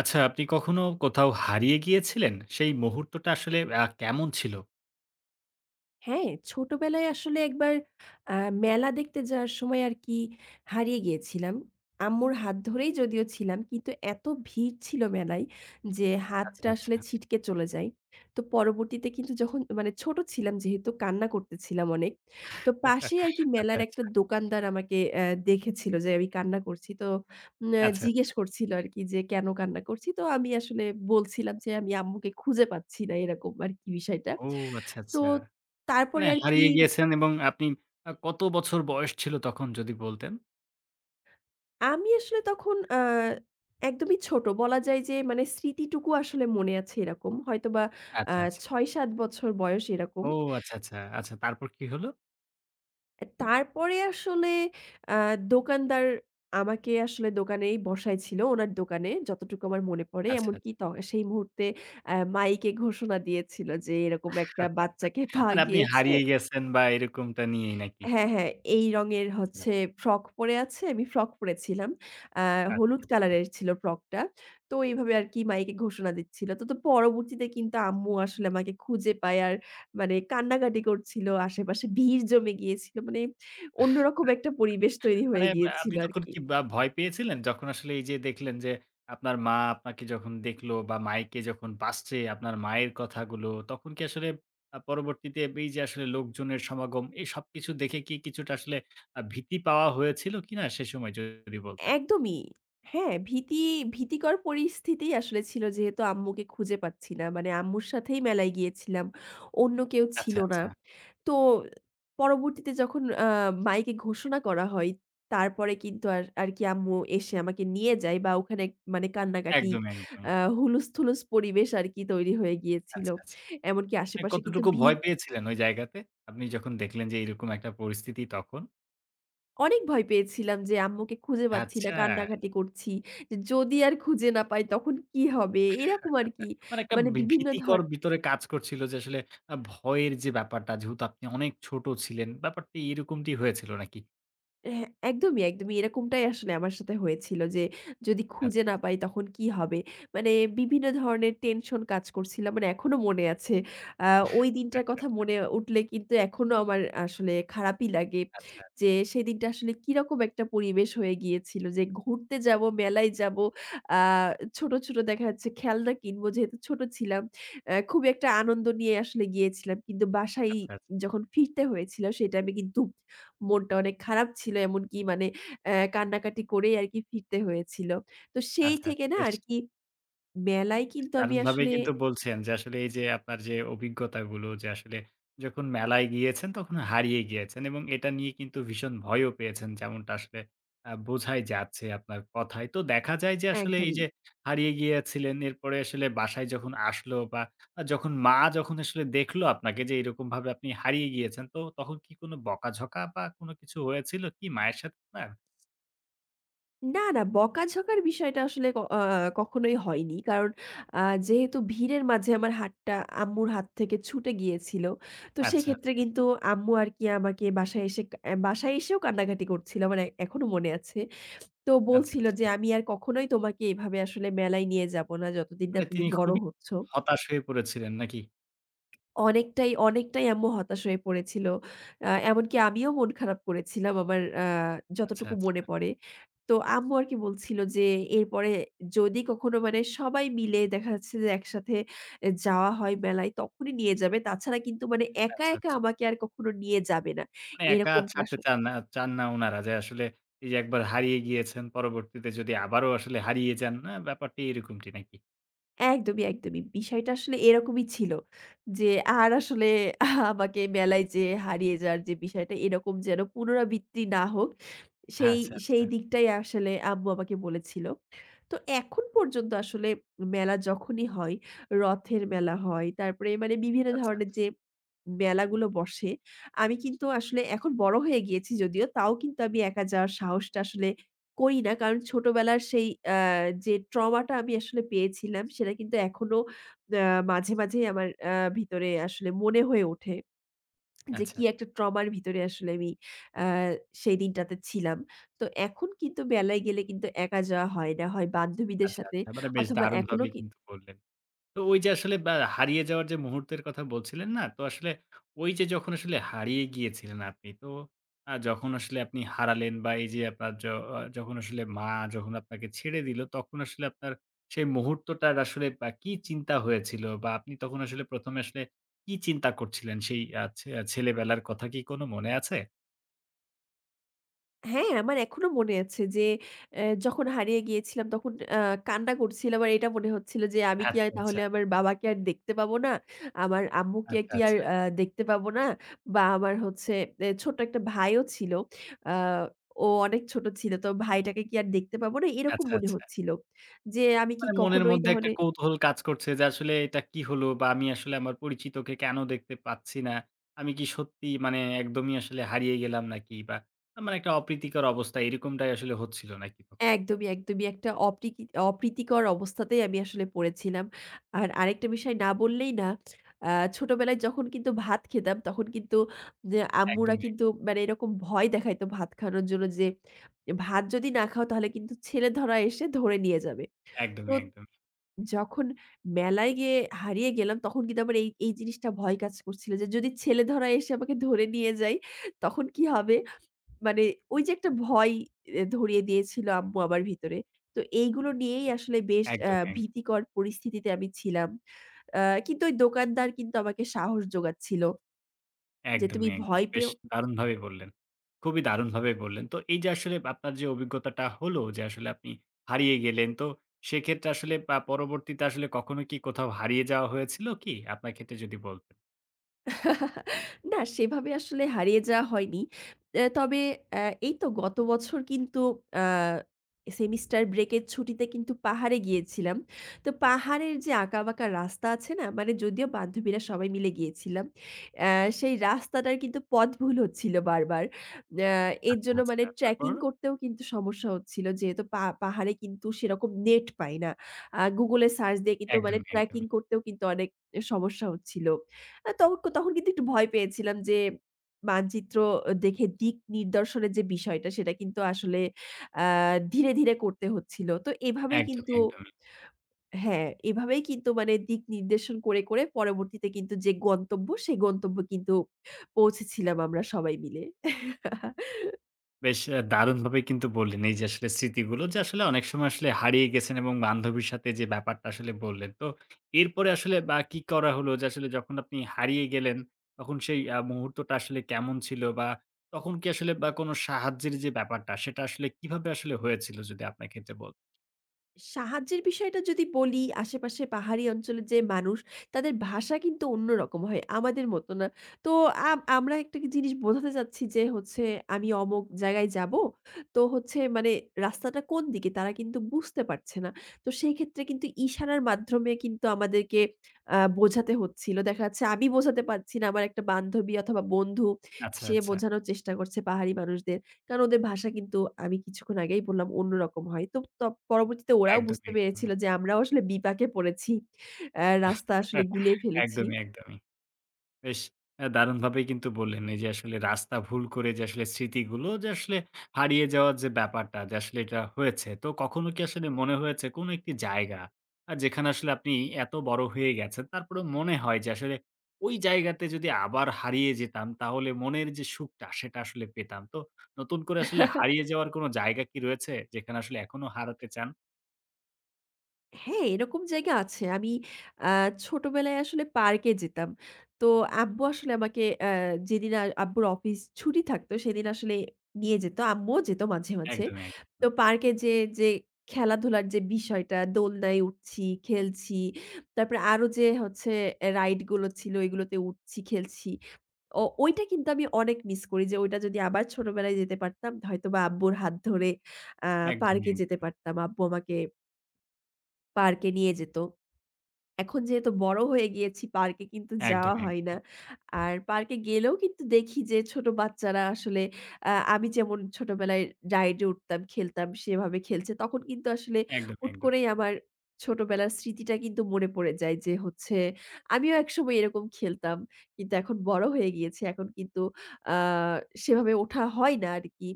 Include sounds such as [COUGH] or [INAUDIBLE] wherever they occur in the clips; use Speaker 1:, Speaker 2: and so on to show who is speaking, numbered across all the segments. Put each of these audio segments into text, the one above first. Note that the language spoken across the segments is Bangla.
Speaker 1: আচ্ছা, আপনি কখনো কোথাও হারিয়ে গিয়েছিলেন? সেই মুহূর্তটা আসলে আ কেমন ছিলো?
Speaker 2: হ্যাঁ, ছোটবেলায় আসলে একবার আ মেলা দেখতে যাওয়ার সময় আরকি হারিয়ে গিয়েছিলাম। আম্মুর হাত ধরেই যদিও ছিলাম কিন্তু এতো ভিড় ছিল মেলায় যে
Speaker 1: আচ্ছা,
Speaker 2: হাতটা আসলে
Speaker 1: আচ্ছা।
Speaker 2: ছিটকে চলে যায়। তো পরবর্তীতে কিন্তু যখন মানে ছোট ছিলাম যেহেতু কান্না করতেছিলাম অনেক। তো
Speaker 1: [CHUCKLES]
Speaker 2: পাশে আরকি
Speaker 1: আচ্ছা,
Speaker 2: মেলার একটা
Speaker 1: আচ্ছা।
Speaker 2: দোকানদার আমাকে অ্যা দেখেছিলো যে আমি কান্না করছি। তো ম্যা
Speaker 1: আচ্ছা,
Speaker 2: জিজ্ঞেস
Speaker 1: আচ্ছা।
Speaker 2: করছিলো আরকি যে, কেনো কান্না করছি? তো আমি আসলে বলছিলাম যে আমি আম্মুকে খুঁজে পাচ্ছি না, এরকম আরকি বিষয়টা।
Speaker 1: ও আচ্ছা,
Speaker 2: তো
Speaker 1: আচ্ছা। মানে,
Speaker 2: তারপরে আরকি
Speaker 1: হারিয়ে গিয়েছেন এবং আপনি আ কতো বছর বয়স ছিল তখন যদি বলতেন?
Speaker 2: আমি আসলে তখন আ একদমই ছোট। বলা যায় যে মানে স্মৃতিটুকু আসলে মনে আছে এরকম। হয়তোবা আ
Speaker 1: আচ্ছা, আচ্ছা।
Speaker 2: ৬-৭ বছর বয়স এরকম।
Speaker 1: ও আচ্ছা, আচ্ছা। আচ্ছা, তারপর কি হলো?
Speaker 2: অ্যা তারপরে আসলে আ দোকানদার আমাকে আসলে দোকানেই বসায় ছিলো ওনার দোকানে যতটুকু আমার মনে পড়ে।
Speaker 1: আচ্ছা, আচ্ছা।
Speaker 2: এমনকি ত সেই মুহূর্তে আ মাইকে ঘোষণা দিয়েছিল যে এরকম একটা বাচ্চাকে
Speaker 1: [CHUCKLES]
Speaker 2: পাওয়া
Speaker 1: মানে, আপনি
Speaker 2: গিয়েছে।
Speaker 1: হারিয়ে গেছেন বা এরকমটা নিয়েই নাকি?
Speaker 2: হ্যাঁ, হ্যাঁ, এই রঙের
Speaker 1: আচ্ছা, আচ্ছা।
Speaker 2: হচ্ছে ফ্রক পড়ে আছে। আমি ফ্রক পড়ে ছিলাম। আ হলুদ
Speaker 1: আচ্ছা, আচ্ছা।
Speaker 2: কালারের ছিল ফ্রকটা। তো এভাবে আরকি মাইকে ঘোষণা দিচ্ছিল। তো, তো পরবর্তীতে কিন্তু আম্মু আসলে আমাকে খুঁজে পায়। আর মানে কান্নাকাটি করছিলো আশেপাশে ভিড় জমে গিয়েছিলো মানে অন্যরকম একটা পরিবেশ
Speaker 1: [CHUCKLES]
Speaker 2: তৈরি হয়ে
Speaker 1: মানে, ব্যা
Speaker 2: গিয়েছিল
Speaker 1: আপনি তখন
Speaker 2: আরকি।
Speaker 1: কি বা ভয় পেয়েছিলেন? যখন আসলে এই যে দেখলেন যে আপনার মা আপনাকে যখন দেখলো বা মাইকে যখন বাজছে আপনার মায়ের কথাগুলো, তখন কি আসলে আ পরবর্তীতে এই যে আসলে লোকজনের সমাগম, এই সবকিছু দেখে কি কিছুটা আসলে আ ভীতি পাওয়া হয়েছিলো কিনা সে সময় যদি বলতেন?
Speaker 2: একদমই। হ্যাঁ, ভীতি ভীতিকর পরিস্থিতি আসলে ছিলো। যেহেতু আম্মুকে খুঁজে পাচ্ছি না মানে আম্মুর সাথেই মেলায় গিয়েছিলাম অন্য কেউ
Speaker 1: আচ্ছা,
Speaker 2: ছিলো না।
Speaker 1: আচ্ছা।
Speaker 2: তো পরবর্তীতে যখন আ মাইকে ঘোষণা করা হয় তারপরে কিন্তু আর আরকি আম্মু এসে আমাকে নিয়ে যায় বা ওখানে মানে কান্নাকাটি
Speaker 1: একদম,
Speaker 2: আ
Speaker 1: একদমই।
Speaker 2: হুলুস্থুল পরিবেশ আরকি তৈরি হয়ে গিয়েছিলো।
Speaker 1: আচ্ছা, আচ্ছা।
Speaker 2: এমনকি
Speaker 1: মানে,
Speaker 2: আশেপাশে কিন্তু
Speaker 1: কতটুকু ভয়
Speaker 2: ভিড়
Speaker 1: পেয়েছিলেন ওই জায়গাতে, আপনি যখন দেখলেন যে এরকম একটা পরিস্থিতি তখন?
Speaker 2: অনেক ভয় পেয়েছিলাম যে আম্মুকে খুঁজে পাচ্ছি না,
Speaker 1: আচ্ছা!
Speaker 2: কান্না-কাটি করছি। যে যদি আর খুঁজে না পাই তখন কি হবে? এরকম আর
Speaker 1: [CHUCKLES]
Speaker 2: কি।
Speaker 1: মানে একটা
Speaker 2: মানে
Speaker 1: বি
Speaker 2: বিভিন্ন ধর
Speaker 1: ভীতিকর ভিতরে কাজ করছিল যে আসলে আ ভয়ের যে ব্যাপারটা যেহেতু আপনি অনেক ছোট ছিলেন, ব্যাপারটি এরকমটি হয়েছিল নাকি?
Speaker 2: হ্যাঁ, একদমই, একদমই এরকমটাই আসলে আমার সাথে হয়েছিল যে যদি
Speaker 1: আচ্ছা,
Speaker 2: খুঁজে
Speaker 1: আচ্ছা।
Speaker 2: না পাই তখন কি হবে? মানে বিভিন্ন ধরনের টেনশন কাজ করছিলাম। মানে এখনও মনে আছে। আ ওই দিনটার কথা
Speaker 1: [CHUCKLES]
Speaker 2: মনে উঠলে কিন্তু এখনও আমার আসলে খারাপই লাগে।
Speaker 1: আচ্ছা, আচ্ছা।
Speaker 2: যে সেদিনটা আসলে কিরকম একটা পরিবেশ হয়ে গিয়েছিল যে ঘুরতে যাব, মেলায় যাব, আ ছোট, ছোট দেখা যাচ্ছে খেলনা কিনব, যেহেতু ছোট ছিলাম। আ খুবই একটা আনন্দ নিয়ে আসলে গিয়েছিলাম। কিন্তু বাসায়
Speaker 1: আচ্ছা, আচ্ছা।
Speaker 2: যখন ফিরতে হয়েছিল সে টাইমে কিন্তু মনটা অনেক খারাপ ছিল। এমনকি মানে আ কান্না-কাটি করেই আর কি ফিরতে হয়েছিল। তো সেই
Speaker 1: আচ্ছা,
Speaker 2: থেকে না
Speaker 1: বেশ!
Speaker 2: আর কি মেলায় কিন্তু আমি
Speaker 1: দারুণভাবেই
Speaker 2: আসলে
Speaker 1: কিন্তু বলছেন যে আসলে এই যে আপনার যে অভিজ্ঞতাগুলো যে আসলে যখন মেলায় গিয়েছেন তখন হারিয়ে গিয়েছেন এবং এটা নিয়ে কিন্তু ভীষণ ভয়ও পেয়েছেন, যেমনটা আসলে আ বোঝাই যাচ্ছে আপনার কথায়। তো দেখা যায় যে আসলে এই
Speaker 2: একদমই।
Speaker 1: যে হারিয়ে গিয়েছিলেন, এরপরে আসলে বাসায় যখন আসলো বা যখন মা যখন আসলে দেখলো আপনাকে যে এইরকমভাবে আপনি হারিয়ে গিয়েছেন তো তখন কি কোন বকা-ঝকা বা কোন কিছু হয়েছিল কি মায়ের সাথে আপনার?
Speaker 2: না, না বকা-ঝকার বিষয়টা আসলে ক আ কখনোই হয়নি। কারণ আ যেহেতু ভিড়ের মাঝে আমার হাতটা আম্মুর হাত থেকে ছুটে গিয়েছিল। তো
Speaker 1: আচ্ছা,
Speaker 2: সেক্ষেত্রে
Speaker 1: আচ্ছা।
Speaker 2: কিন্তু আম্মু আর কি আমাকে বাসায় এসে, আ বাসায় এসেও কান্না-কাটি করছিল। আমার এখনো মনে আছে। তো
Speaker 1: আচ্ছা,
Speaker 2: বলছিল যে
Speaker 1: আচ্ছা।
Speaker 2: আমি আর কখনোই তোমাকে এভাবে আসলে মেলায় নিয়ে যাব না যতদিন না
Speaker 1: মানে,
Speaker 2: তুমি
Speaker 1: তিনি
Speaker 2: বড়
Speaker 1: খুবই
Speaker 2: হচ্ছ।
Speaker 1: হতাশ হয়ে পড়েছিলেন নাকি?
Speaker 2: অনেকটাই, অনেকটাই আম্মু হতাশ হয়ে পড়েছিল। আ এমনকি আমিও মন খারাপ করেছিলাম আমার আ
Speaker 1: আচ্ছা,
Speaker 2: যতটুকু মনে
Speaker 1: আচ্ছা।
Speaker 2: পড়ে। তো আম্মু আর কি বলছিল যে এরপরে যদি কখনো মানে সবাই মিলে দেখা যাচ্ছে যে একসাথে এ যাওয়া হয় মেলায় তখনই নিয়ে যাবে। তাছাড়া কিন্তু মানে একা,
Speaker 1: আচ্ছা,
Speaker 2: একা
Speaker 1: আচ্ছা।
Speaker 2: আমাকে আর কখনো নিয়ে যাবে না।
Speaker 1: মানে, একা
Speaker 2: এরকমটা আস
Speaker 1: ছাড়তে চান না চান না উনারা। যে আসলে এই যে একবার হারিয়ে গিয়েছেন পরবর্তীতে যদি আবারও আসলে হারিয়ে যান, না? ব্যাপারটি এরকমটি নাকি?
Speaker 2: একদমই, একদমই। বিষয়টা আসলে এরকমই ছিল। যে আর আসলে আমাকে মেলায় যেয়ে হারিয়ে যাওয়ার যে বিষয়টা এরকম যেন পুনরাবৃত্তি না হোক সেই
Speaker 1: আচ্ছা,
Speaker 2: সেই
Speaker 1: আচ্ছা।
Speaker 2: দিকটাই আসলে আম্মু আমাকে বলেছিল। তো এখন পর্যন্ত আসলে মেলা যখনই হয়, রথের মেলা হয় তারপরে মানে বিভিন্ন
Speaker 1: আচ্ছা, আচ্ছা।
Speaker 2: ধরনের যে মেলাগুলো বসে আমি কিন্তু আসলে এখন বড় হয়ে গিয়েছি যদিও তাও কিন্তু আমি একা যাওয়ার সাহসটা আসলে করি না। কারণ ছোটবেলার সেই আ যে trauma টা আমি আসলে পেয়েছিলাম সেটা কিন্তু এখনো আ মাঝে, মাঝেই আমার আ ভিতরে আসলে মনে হয়ে ওঠে। যে কি
Speaker 1: আচ্ছা।
Speaker 2: একটা trauma এর ভিতরে আসলে আমি আ সেই দিনটাতে ছিলাম। তো এখন কিন্তু মেলায় গেলে কিন্তু একা যাওয়া হয় না। হয় বান্ধবীদের
Speaker 1: আচ্ছা,
Speaker 2: সাথে
Speaker 1: আচ্ছা। মানে, বেশ
Speaker 2: অথবা এখনো
Speaker 1: দারুণভাবেই
Speaker 2: কি
Speaker 1: কিন্তু বললেন। তো ওই যে আসলে ব্য হারিয়ে যাওয়ার যে মুহূর্তের কথা বলছিলেন না, তো আসলে ওই যে যখন আসলে হারিয়ে গিয়েছিলেন আপনি তো আ যখন আসলে আপনি হারালেন বা এই যে আপনার য অ যখন আসলে মা যখন আপনাকে ছেড়ে দিল তখন আসলে আপনার সেই মুহূর্তটার আসলে আ কি চিন্তা হয়েছিল বা আপনি তখন আসলে প্রথমে আসলে কি চিন্তা করছিলেন সেই আ ছে ছেলেবেলার কথা কি কোন মনে আছে?
Speaker 2: হ্যাঁ, আমার এখনো মনে আছে যে অ্যা যখন হারিয়ে গিয়েছিলাম তখন আ কান্না করছিলাম আর এটা মনে হচ্ছিল যে আমি কি
Speaker 1: আচ্ছা, আচ্ছা।
Speaker 2: তাহলে আমার বাবাকে আর দেখতে পাব না? আমার আম্মুকে
Speaker 1: আচ্ছা,
Speaker 2: কি আর
Speaker 1: আচ্ছা।
Speaker 2: আ দেখতে পাব না? বা আমার হচ্ছে এ ছোট্ট একটা ভাইও ছিল। আ ও অনেক ছোট ছিল। তো ভাইটাকে কি আর দেখতে পাব না? এরকম
Speaker 1: আচ্ছা,
Speaker 2: মনে
Speaker 1: আচ্ছা।
Speaker 2: হচ্ছিল। যে আমি কি
Speaker 1: মানে মনের
Speaker 2: কখনোই
Speaker 1: মধ্যে
Speaker 2: তাহলে
Speaker 1: একটা কৌতূহল কাজ করছে যে, আসলে এটা কি হলো বা আমি আসলে আমার পরিচিতকে কেনো দেখতে পাচ্ছি না? আমি কি সত্যিই মানে একদমই আসলে হারিয়ে গেলাম নাকি বা মানে একটা অপ্রীতিকর অবস্থা, এরকমটাই আসলে হচ্ছিল নাকি তখন?
Speaker 2: একদমই, একদমই একটা অপ্রীতি অপ্রীতিকর অবস্থাতেই আমি আসলে পড়েছিলাম। আর আরেকটা বিষয় না বললেই না। আ ছোটবেলায় যখন কিন্তু ভাত খেতাম তখন কিন্তু নে আম্মুরা
Speaker 1: একদমই, এক।
Speaker 2: কিন্তু মানে এরকম ভয় দেখাইতো ভাত খাওয়ার জন্য যে, ভাত যদি না খাও তাহলে কিন্তু ছেলেধরা এসে ধরে নিয়ে যাবে।
Speaker 1: একদমই,
Speaker 2: পুত
Speaker 1: একদমই।
Speaker 2: যখন মেলায় গিয়ে হারিয়ে গেলাম তখন কিন্তু আমার এই এই জিনিসটা ভয় কাজ করছিল যে যদি ছেলেধরা এসে আমাকে ধরে নিয়ে যায় তখন কি হবে? মানে ওই যে একটা ভয় অ্যা ধরিয়ে দিয়েছিল আম্মু আমার ভেতরে। তো এইগুলো নিয়েই আসলে বেশ অ্যা
Speaker 1: একদমই, এক।
Speaker 2: ভীতিকর পরিস্থিতিতে আমি ছিলাম। অ্যা কিন্তু ওই দোকানদার কিন্তু আমাকে সাহস জোগাচ্ছিল। যে তুমি
Speaker 1: একদমই, একদমই।
Speaker 2: ভয়
Speaker 1: বেশ
Speaker 2: পেও
Speaker 1: দারুণভাবেই বললেন। খুবই দারুণভাবে বললেন। তো এই যে আসলে আপনার যে অভিজ্ঞতাটা হলো যে আসলে আপনি হারিয়ে গেলেন তো সেক্ষেত্রে আসলে পা পরবর্তীতে আসলে কখনো কি কোথাও হারিয়ে যাওয়া হয়েছিল কি আপনার ক্ষেত্রে যদি বলতেন?
Speaker 2: [CHUCKLES] না, সেভাবে আসলে হারিয়ে যাওয়া হয়নি। অ্যা তবে অ্যা এই তো গত বছর কিন্তু অ্যা সেমিস্টার ব্রেকের ছুটিতে কিন্তু পাহাড়ে গিয়েছিলাম। তো পাহাড়ের যে, আঁকাবাঁকা রাস্তা আছে না? মানে যদিও বান্ধবীরা সবাই মিলে গিয়েছিলাম। অ্যা সেই রাস্তাটার কিন্তু পথ ভুল হচ্ছিল বারবার। অ্যা এর
Speaker 1: আচ্ছা,
Speaker 2: জন্য মানে
Speaker 1: আচ্ছা। তারপর?
Speaker 2: tracking করতেও কিন্তু সমস্যা হচ্ছিল। যেহেতু পা পাহাড়ে কিন্তু সেরকম নেট পাই না Google-এ search দিয়ে কিন্তু মানে
Speaker 1: একদমই, একদমই।
Speaker 2: tracking করতেও কিন্তু অনেক সমস্যা হচ্ছিল। আ তখন, তখন কিন্তু একটু ভয় পেয়েছিলাম যে মানচিত্র দেখে, দিক নির্দেশনের যে বিষয়টা সেটা কিন্তু আসলে অ্যা ধীরে, ধীরে করতে হচ্ছিল। তো এভাবেই
Speaker 1: একদমই,
Speaker 2: কিন্তু,
Speaker 1: একদমই।
Speaker 2: হ্যাঁ এভাবেই কিন্তু মানে দিক নির্দেশন করে, করে পরবর্তীতে কিন্তু যে গন্তব্য সেই গন্তব্যে কিন্তু পৌঁছেছিলাম আমরা সবাই মিলে। [CHUCKLES]
Speaker 1: বেশ আ দারুণভাবেই কিন্তু বললেন, এই যে আসলে স্মৃতিগুলো যে আসলে অনেক সময় আসলে হারিয়ে গেছেন, এবং বান্ধবীর সাথে যে ব্যাপারটা আসলে বললেন। তো এরপরে আসলে বা কি করা হলো যে আসলে যখন আপনি হারিয়ে গেলেন। তখন সেই আ মুহূর্তটা আসলে কেমন ছিল বা তখন কি আসলে বা কোন সাহায্যের যে ব্যাপারটা সেটা আসলে কিভাবে আসলে হয়েছিল যদি আপনার ক্ষেত্রে বলতে
Speaker 2: সাহায্যের বিষয়টা যদি বলি, আশেপাশে পাহাড়ি অঞ্চলের যে মানুষ তাদের ভাষা কিন্তু অন্যরকম হয়, আমাদের মতো না। তো আ আমরা একটা জিনিস বোঝাতে চাচ্ছি যে হচ্ছে, আমি অমুক জায়গায় যাব, তো হচ্ছে মানে রাস্তাটা কোন দিকে তারা কিন্তু বুঝতে পারছে না। তো সেইক্ষেত্রে কিন্তু ইশারার মাধ্যমে কিন্তু আমাদেরকে আ বোঝাতে হচ্ছিল। দেখা যাচ্ছে, আমি বোঝাতে পারছি না, আমার একটা বান্ধবী অথবা বন্ধু
Speaker 1: আচ্ছা,
Speaker 2: সে
Speaker 1: আচ্ছা।
Speaker 2: বোঝানোর চেষ্টা করছে পাহাড়ি মানুষদের। কারণ ওদের ভাষা কিন্তু আমি কিছুক্ষণ আগেই বললাম অন্যরকম হয়। তো প পরবর্তীতে ওরাও বুঝতে
Speaker 1: একদমই, একদমই।
Speaker 2: পেরেছিল যে আমরাও আসলে বিপাকে পড়েছি। অ্যা রাস্তা আসলে
Speaker 1: [CHUCKLES]
Speaker 2: গুলিয়ে ফেলেছি।
Speaker 1: একদমই, একদমই। বেশ আ দারুণভাবেই কিন্তু বললেন, এই যে আসলে রাস্তা ভুল করে যে আসলে স্মৃতিগুলো যে আসলে হারিয়ে যাওয়ার যে ব্যাপারটা যে আসলে এটা হয়েছে। তো কখনো কি আসলে মনে হয়েছে কোনো একটি জায়গা, আ যেখানে আসলে আপনি এত বড় হয়ে গেছেন তারপরেও মনে হয়, যে আসলে ওই জায়গাতে যদি আবার হারিয়ে যেতাম, তাহলে মনের যে সুখটা সেটা আসলে পেতাম। তো নতুন করে আসলে হারিয়ে
Speaker 2: [CHUCKLES]
Speaker 1: যাওয়ার কোনো জায়গা কি রয়েছে যেখানে আসলে এখনও হারাতে চান?
Speaker 2: হ্যাঁ, এরকম জায়গা আছে। আমি অ্যা ছোটবেলায় আসলে পার্কে যেতাম। তো আব্বু আসলে আমাকে অ্যা যেদিন আ আব্বুর অফিস ছুটি থাকতো, সেদিন আসলে নিয়ে যেত। আম্মুও যেত মাঝে, মাঝে।
Speaker 1: একদমই,
Speaker 2: তো
Speaker 1: একদম।
Speaker 2: পার্কে যে যে খেলাধুলার যে বিষয়টা দোলনায় উঠছি, খেলছি তারপরে আরও যে হচ্ছে এ রাইড গুলো ছিল ওগুলোতে উঠছি, খেলছি। ও ওইটা কিন্তু আমি অনেক মিস করি। যে ওইটা যদি আবার ছোটবেলায় যেতে পারতাম। হয়তোবা আব্বুর হাত ধরে অ্যা
Speaker 1: একদমই।
Speaker 2: পার্কে যেতে
Speaker 1: একদম।
Speaker 2: পারতাম। আব্বু আমাকে পার্কে নিয়ে যেত। এখন যেহেতু বড় হয়ে গিয়েছি, পার্কে কিন্তু যাওয়া
Speaker 1: একদমই,
Speaker 2: হয় না।
Speaker 1: একদমই।
Speaker 2: আর পার্কে গেলেও কিন্তু দেখি যে ছোট বাচ্চারা আসলে অ্যা আমি যেমন ছোটবেলায় রাইডে উঠতাম, খেলতাম সেভাবে খেলছে। তখন কিন্তু আসলে
Speaker 1: একদমই,
Speaker 2: হুট
Speaker 1: একদম।
Speaker 2: করেই আমার ছোটবেলার স্মৃতিটা কিন্তু মনে পড়ে যায়। যে হচ্ছে আমিও একসময় এরকম খেলতাম। কিন্তু এখন বড় হয়ে গিয়েছি। এখন কিন্তু অ্যা সেভাবে ওঠা হয় না আর কি।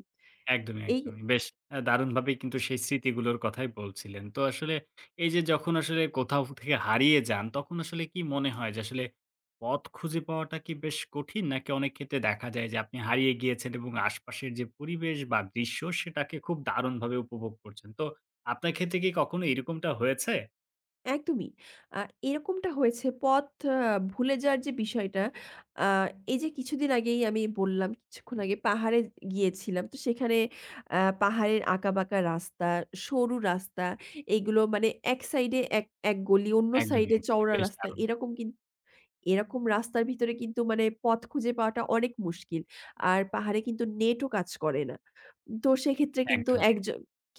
Speaker 1: একদমই,
Speaker 2: এই
Speaker 1: একদমই। বেশ আ দারুণভাবেই কিন্তু সেই স্মৃতিগুলোর কথাই বলছিলেন। তো আসলে এই যে যখন আসলে কোথাও থেকে হারিয়ে যান, তখন আসলে কি মনে হয় যে আসলে পথ খুঁজে পাওয়াটা কি বেশ কঠিন? নাকি অনেক ক্ষেত্রে দেখা যায় যে আপনি হারিয়ে গিয়েছেন এবং আশপাশের যে পরিবেশ বা দৃশ্য সেটাকে খুব দারুণভাবে উপভোগ করছেন। তো আপনার ক্ষেত্রে কি কখনো এরকমটা হয়েছে?
Speaker 2: একদমই। আ এরকমটা হয়েছে। পথ অ ভুলে যাওয়ার যে বিষয়টা, আ এই যে কিছুদিন আগেই আমি বললাম কিছুক্ষণ আগে পাহাড়ে গিয়েছিলাম। তো সেখানে আ পাহাড়ের আঁকাবাঁকা রাস্তা, সরু রাস্তা এগুলো মানে এক সাইডে এক এক গলি অন্য
Speaker 1: একদমই,
Speaker 2: সাইডে
Speaker 1: একদমই।
Speaker 2: চওড়া
Speaker 1: বেশ
Speaker 2: রাস্তা।
Speaker 1: দারুণ।
Speaker 2: এরকম কিন্তু এরকম রাস্তার ভিতরে কিন্তু মানে পথ খুঁজে পাওয়াটা অনেক মুশকিল। আর পাহাড়ে কিন্তু নেটও কাজ করে না। তো সেক্ষেত্রে কিন্তু
Speaker 1: একদম, অ্যা
Speaker 2: একজ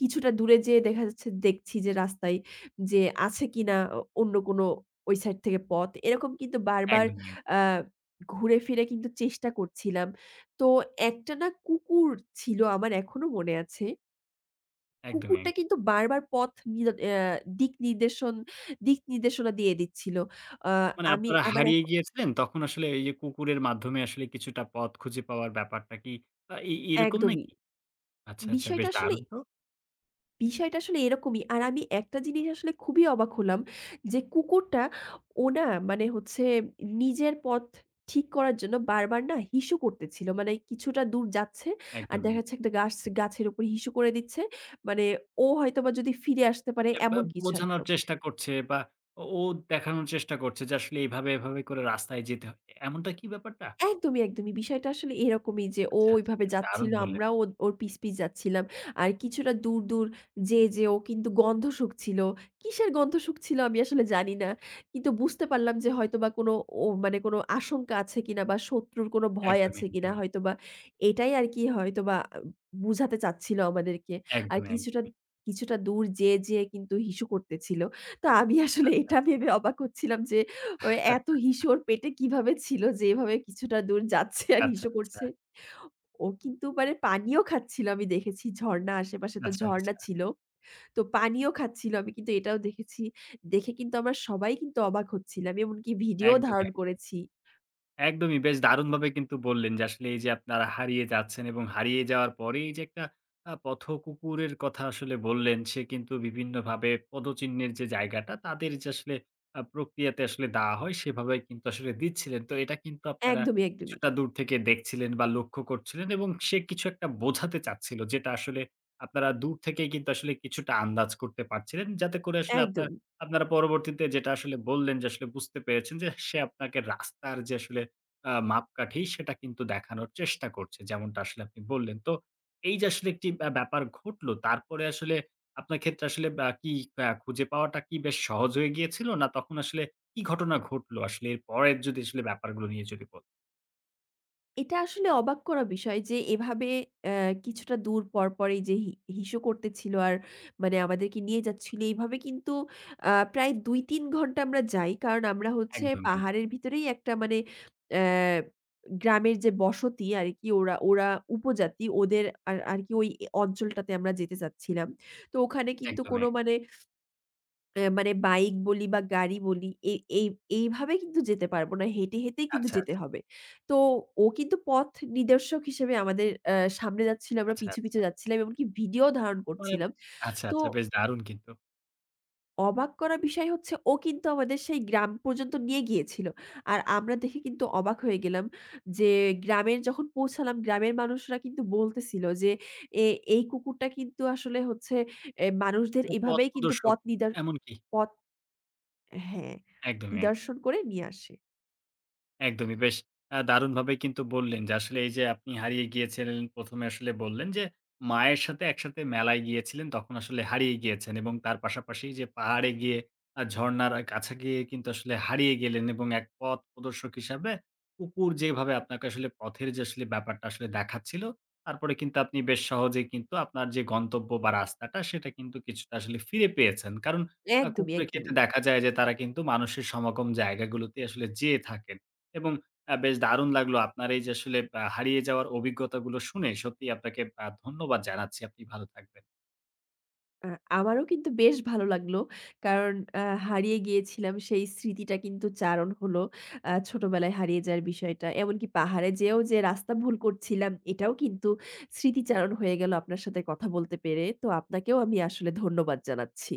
Speaker 2: কিছুটা দূরে যেয়ে দেখা যাচ্ছে দেখছি যে রাস্তায় যে আছে কিনা অ অন্য কোন ওই সাইড থেকে পথ। এরকম কিন্তু বারবার
Speaker 1: একদমই। অ্যা
Speaker 2: আ ঘুরে ফিরে কিন্তু চেষ্টা করছিলাম। তো একটা না কুকুর ছিল আমার এখনো মনে আছে।
Speaker 1: একদমই।
Speaker 2: কুকুরটা
Speaker 1: অ্যা
Speaker 2: কিন্তু বারবার পথ নি অ্যা দিকনির্দেশন দিকনির্দেশনা দিয়ে দিচ্ছিল। আ
Speaker 1: মানে
Speaker 2: আমি
Speaker 1: আপনারা
Speaker 2: আমার এক
Speaker 1: হারিয়ে গিয়েছিলেন তখন আসলে এই যে কুকুরের মাধ্যমে আসলে কিছুটা পথ খুঁজে পাওয়ার ব্যাপারটা কি আ এ এরকম
Speaker 2: একদমই।
Speaker 1: নাকি? আচ্ছা, আচ্ছা। বেশ
Speaker 2: বিষয়টা আসলে
Speaker 1: দারুণ তো!
Speaker 2: বিষয়টা আসলে এরকমই। আর আমি একটা জিনিস আসলে খুবই অবাক হলাম যে কুকুরটা, ও না মানে হচ্ছে নিজের পথ ঠিক করার জন্য বারবার না হিসু করতেছিল। মানে কিছুটা দূর যাচ্ছে আর
Speaker 1: একদমই।
Speaker 2: দেখা
Speaker 1: অ্যা
Speaker 2: যাচ্ছে একটা গাছ গাছের উপর হিসু করে দিচ্ছে। মানে ও হয়তোবা যদি ফিরে আসতে পারে এমন
Speaker 1: একবার
Speaker 2: কিছু একটা।
Speaker 1: বোঝানোর চেষ্টা করছে বা ও দেখানোর চেষ্টা করছে যে আসলে এইভাবে, এইভাবে করে রাস্তায় যেতে হয়, এমনটা কি ব্যাপারটা?
Speaker 2: একদমই, একদমই। বিষয়টা আসলে এরকমই যে ও
Speaker 1: আচ্ছা, আচ্ছা।
Speaker 2: ওইভাবে
Speaker 1: বেশ দারুণ
Speaker 2: যাচ্ছিল
Speaker 1: বললেন।
Speaker 2: আমরাও ওর ওর পিছ, পিছ যাচ্ছিলাম। আর কিছুটা দূর, দূর যেয়ে, যেয়ে ও কিন্তু গন্ধ শুঁকছিল। কিসের গন্ধ শুঁকছিল আমি আসলে জানি না। কিন্তু বুঝতে পারলাম যে হয়তোবা কোনো, ও মানে কোনো আশঙ্কা আছে কিনা বা শত্রুর কোনো ভয়
Speaker 1: একদমই,
Speaker 2: আছে কিনা
Speaker 1: একদমই।
Speaker 2: হয়তোবা এটাই আর কি হয়তোবা আ বোঝাতে চাচ্ছিল আমাদেরকে। আর
Speaker 1: একদমই,
Speaker 2: কিছুটা
Speaker 1: একদমই।
Speaker 2: কিছুটা দূর যেয়ে, যেয়ে কিন্তু হিসু করতেছিল। তো আমি আসলে
Speaker 1: আচ্ছা,
Speaker 2: এটা
Speaker 1: আচ্ছা।
Speaker 2: ভেবে অবাক হচ্ছিলাম যে ওই এত হিসু
Speaker 1: [CHUCKLES]
Speaker 2: ওর পেটে কিভাবে ছিল? যে এভাবে কিছুটা দূর যাচ্ছে আর
Speaker 1: আচ্ছা,
Speaker 2: হিসু
Speaker 1: আচ্ছা।
Speaker 2: করছে। ও কিন্তু মানে পানিও খাচ্ছিল আমি দেখেছি ঝর্ণা আশেপাশে তো
Speaker 1: আচ্ছা, আচ্ছা।
Speaker 2: ঝর্ণা ছিল। তো পানিও খাচ্ছিল আমি কিন্তু এটাও দেখেছি। দেখে কিন্তু আমরা সবাই কিন্তু অবাক হচ্ছিলাম। এমনকি ভিডিও
Speaker 1: একদমই,
Speaker 2: ধারণ
Speaker 1: একদমই।
Speaker 2: করেছি।
Speaker 1: একদমই, বেশ দারুণভাবে কিন্তু বললেন যে আসলে এই যে আপনারা হারিয়ে যাচ্ছেন এবং হারিয়ে যাওয়ার পরে এই যে একটা আ পথ কুকুরের কথা আসলে বললেন। সে কিন্তু বিভিন্নভাবে পদচিহ্নের যে জায়গাটা তাদের যে আসলে আ প্রক্রিয়াতে আসলে দেওয়া হয় সেভাবেই কিন্তু আসলে দিচ্ছিলেন। তো এটা কিন্তু আপনারা
Speaker 2: একদমই, একদমই।
Speaker 1: কিছুটা দূর থেকে দেখছিলেন বা লক্ষ্য করছিলেন এবং সে কিছু একটা বোঝাতে চাচ্ছিল যেটা আসলে আপনারা দূর থেকেই কিন্তু আসলে কিছুটা আন্দাজ করতে পারছিলেন। যাতে করে আসলে আপনার
Speaker 2: একদম।
Speaker 1: আপনারা পরবর্তীতে যেটা আসলে বললেন যে আসলে বুঝতে পেরেছেন যে সে আপনাকে রাস্তার যে আসলে আ মাপকাঠি সেটা কিন্তু দেখানোর চেষ্টা করছে। যেমনটা আসলে আপনি বললেন। তো এই যে আসলে একটি আ ব্যাপার ঘটলো তারপরে আসলে আপনার ক্ষেত্রে আসলে বা কি বা খুঁজে পাওয়াটা কি বেশ সহজ হয়ে গিয়েছিল? না তখন আসলে কি ঘটনা ঘটলো? আসলে এর পরের যদি আসলে ব্যাপারগুলো নিয়ে যদি ব
Speaker 2: এটা আসলে অবাক করা বিষয় যে, এভাবে এ্যা কিছুটা দূর পরপরই যে হি হিসু করতেছিল, আর মানে আমাদেরকে নিয়ে যাচ্ছিল, এইভাবে কিন্তু আ প্রায় ২, ৩ ঘণ্টা আমরা যাই। কারণ আমরা হচ্ছে
Speaker 1: একদম, এক
Speaker 2: পাহাড়ের ভিতরেই একটা মানে এ্যা গ্রামের যে বসতি আর কি ওরা ওরা উপজাতি ওদের আর আর কি ওই অ অঞ্চলটাতে আমরা যেতে চাচ্ছিলাম। তো ওখানে কিন্তু কোন
Speaker 1: একদমই।
Speaker 2: মানে এ্যা মানে বাইক বলি বা গাড়ি বলি এই এই এইভাবে কিন্তু যেতে পারব না, হেঁটে, হেঁটেই কিন্তু
Speaker 1: আচ্ছা,
Speaker 2: যেতে
Speaker 1: আচ্ছা।
Speaker 2: হবে। তো ও কিন্তু পথ নির্দেশক হিসেবে আমাদের আ সামনে যাচ্ছিল, আমরা
Speaker 1: আচ্ছা,
Speaker 2: পিছু, পিছু
Speaker 1: আচ্ছা।
Speaker 2: যাচ্ছিলাম, এমনকি videoও ধারণ
Speaker 1: মানে,
Speaker 2: করছিলাম।
Speaker 1: আচ্ছা,
Speaker 2: তো
Speaker 1: আচ্ছা। বেশ দারুণ কিন্তু।
Speaker 2: অবাক করা বিষয় হচ্ছে, ও কিন্তু আমাদের সেই গ্রাম পর্যন্ত নিয়ে গিয়েছিল। আর আমরা দেখে কিন্তু অবাক হয়ে গেলাম, যে গ্রামের যখন পৌঁছালাম গ্রামের মানুষরা কিন্তু বলতেছিল যে এ এই কুকুরটা কিন্তু আসলে হচ্ছে এ্যা মানুষদের
Speaker 1: প
Speaker 2: এভাবেই কিন্তু
Speaker 1: পথপ্রদর্শক
Speaker 2: পথ নিদার
Speaker 1: এমনকি?
Speaker 2: পথ হ্যাঁ,
Speaker 1: একদমই, এক
Speaker 2: নিদর্শন করে নিয়ে আসে।
Speaker 1: একদমই। বেশ আ দারুণভাবে কিন্তু বললেন যে, আসলে এই যে আপনি হারিয়ে গিয়েছিলেন। প্রথমে আসলে বললেন যে মায়ের সাথে একসাথে মেলায় গিয়েছিলেন, তখন আসলে হারিয়ে গিয়েছেন এবং তার পাশাপাশি যে পাহাড়ে গিয়ে, আ ঝর্ণার আ কাছে গিয়ে কিন্তু আসলে হারিয়ে গেলেন, এবং এক পথপ্রদর্শক হিসেবে কুকুর যেভাবে আপনাকে আসলে পথের যে আসলে ব্যাপারটা আসলে দেখাচ্ছিল। তারপরে কিন্তু আপনি বেশ সহজেই কিন্তু আপনার যে গন্তব্য বা রাস্তাটা সেটা কিন্তু কিছুটা আসলে ফিরে পেয়েছেন। কারণ আ
Speaker 2: একদমই,
Speaker 1: কুকুরের ক্ষেত্রে
Speaker 2: একদমই।
Speaker 1: দেখা যায়, যে তারা কিন্তু মানুষের সমাগম জায়গাগুলোতেই আসলে যেয়ে থাকেন এবং আ বেশ দারুণ লাগলো আপনার এই যে আসলে আ হারিয়ে যাওয়ার অভিজ্ঞতাগুলো শুনে। সত্যিই আপনাকে আ ধন্যবাদ জানাচ্ছি। আপনি ভালো থাকবেন।
Speaker 2: আ আমারও কিন্তু বেশ ভালো লাগলো। কারণ আ হারিয়ে গিয়েছিলাম সেই স্মৃতিটা কিন্তু চারণ হলো। আ ছোটবেলায় হারিয়ে যাওয়ার বিষয়টা। এমনকি পাহাড়ে যেয়েও যে রাস্তা ভুল করছিলাম এটাও কিন্তু স্মৃতিচারণ হয়ে গেল আপনার সাথে কথা বলতে পেরে। তো আপনাকেও আমি আসলে ধন্যবাদ জানাচ্ছি।